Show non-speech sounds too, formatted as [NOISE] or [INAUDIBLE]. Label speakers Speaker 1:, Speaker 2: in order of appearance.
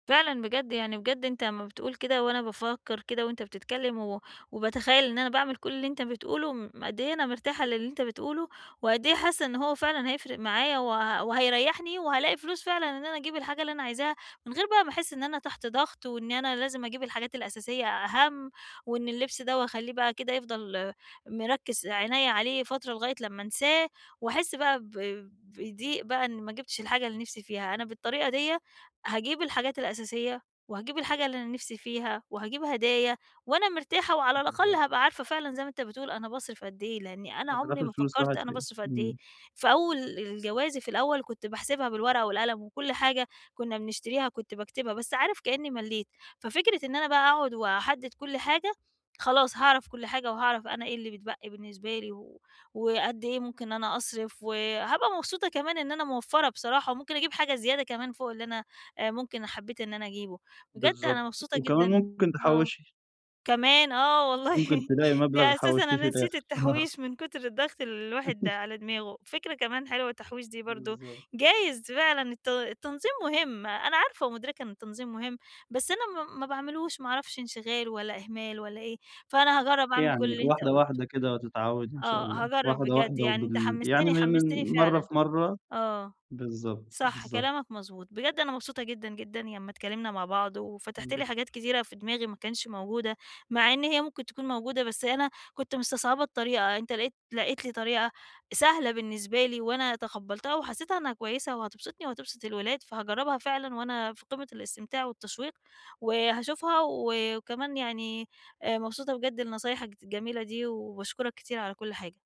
Speaker 1: فعلًا بجد، يعني بجد أنت لمّا بتقول كده وأنا بافكّر كده وأنت بتتكلّم و وباتخيّل إن أنا باعمل كل اللي أنت بتقوله، م قد إيه أنا مرتاحة للي أنت بتقوله، وقد إيه حاسّة إن هو فعلًا هيفرق معايّا، وه وهيريحني وهالاقي فلوس فعلًا إن أنا أجيب الحاجة اللي أنا عايزاها، من غير بقى ما أحس إن أنا تحت ضغط، وإن أنا لازم أجيب الحاجات الأساسية أهَم، وإن اللبس دوّة وأخليه بقى كده يفضل مركِّز عنيّا عليه فترة لغاية لمّا أنساه، وأحس بقى ب بضِيق بقى إن ما جِبتش الحاجة اللي نفسي فيها. أنا بالطريقة ديّة هاجيب الحاجات الأساسية، وهاجيب الحاجة اللي أنا نفسي فيها، وهاجيب هدايا، وأنا مرتاحة وعلى الأقل
Speaker 2: بالضبط.
Speaker 1: هابقى عارفة فعلًا زي ما أنت بتقول أنا باصرف قد إيه، لأنّي أنا
Speaker 2: آه في
Speaker 1: عمري
Speaker 2: الآخر
Speaker 1: ما
Speaker 2: الفلوس
Speaker 1: فكرت
Speaker 2: راحت
Speaker 1: أنا
Speaker 2: فين؟
Speaker 1: باصرف قد إيه.
Speaker 2: إمم.
Speaker 1: فأول ال جوازي في الأوّل كنت باحسبها بالورقة والقلم وكل حاجة كنّا بنشتريها كنت باكتبها، بس عارف كأنّي ملّيت، ففكرة إن أنا بقى أقعد وأحدد كل حاجة، خلاص هاعرف كل حاجة، وهاعرف أنا إيه اللي بتبقي بالنسبة لي، و وقد إيه ممكن إن أنا أصرف، وهابقى مبسوطة كمان إن أنا موفَرّة بصراحة، وممكن أجيب حاجة زيادة كمان فوق اللي أنا آآ ممكن حبّيت إن أنا أجيبه. بجد أنا
Speaker 2: بالضبط،
Speaker 1: مبسوطة
Speaker 2: وكمان
Speaker 1: جدًا
Speaker 2: ممكن
Speaker 1: آه.
Speaker 2: تحوّشي.
Speaker 1: كمان آه
Speaker 2: ممكن
Speaker 1: والله،
Speaker 2: تلاقي مبلغ
Speaker 1: ده أساسًا
Speaker 2: حوشتيه في
Speaker 1: أنا نسيت
Speaker 2: الأخر. آه.
Speaker 1: التحويش، من كتر الضغط اللي الواحد
Speaker 2: [CHUCKLES]
Speaker 1: على دماغه، فكرة كمان حلوة التحويش دي برضه،
Speaker 2: بالضبط.
Speaker 1: جايز فعلًا الت التنظيم مهم، أنا عارفة ومدركة إن التنظيم مهم بس أنا ما ما باعملوش، ما أعرفش انشغال، والّا إهمال، والّا إيه؟ فأنا هاجرّب أعمل كل
Speaker 2: يعني
Speaker 1: اللي أنت
Speaker 2: واحدة،
Speaker 1: قُلته.
Speaker 2: واحدة كده هتتعوّدي إن شاء
Speaker 1: آه
Speaker 2: الله
Speaker 1: هاجرب
Speaker 2: واحدة،
Speaker 1: بجد،
Speaker 2: واحدة
Speaker 1: يعني أنت
Speaker 2: وبال يعني
Speaker 1: حمستني
Speaker 2: من
Speaker 1: حمستني
Speaker 2: من مرّة
Speaker 1: فعلًا.
Speaker 2: في مرّة
Speaker 1: آه،
Speaker 2: بالضبط
Speaker 1: صح
Speaker 2: بالضبط.
Speaker 1: كلامك مضبوط بجد أنا مبسوطة جدًا، جدًا لمّا اتكلمنا مع بعض
Speaker 2: أنا
Speaker 1: وفتَحت لي حاجات
Speaker 2: أكتر.
Speaker 1: كتيرة في دماغي ما كانش موجودة، مع إن هي ممكن تكون موجودة، بس أنا كنت مستصعبة الطريقة، أنت لقيت لقيت لي طريقة سهلة بالنسبة لي، وأنا تقبلتها، وحسّيتها إنّها كويّسة وهتبسطني، وهتبسط الولاد، فهاجربها فعلًا وأنا في قِمة الاستمتاع والتشويق، وهاشوفها و وكمان يعني آآ مبسوطة بجد لنصايحك ت الجميلة دي، وباشكرك كتير على كل حاجة.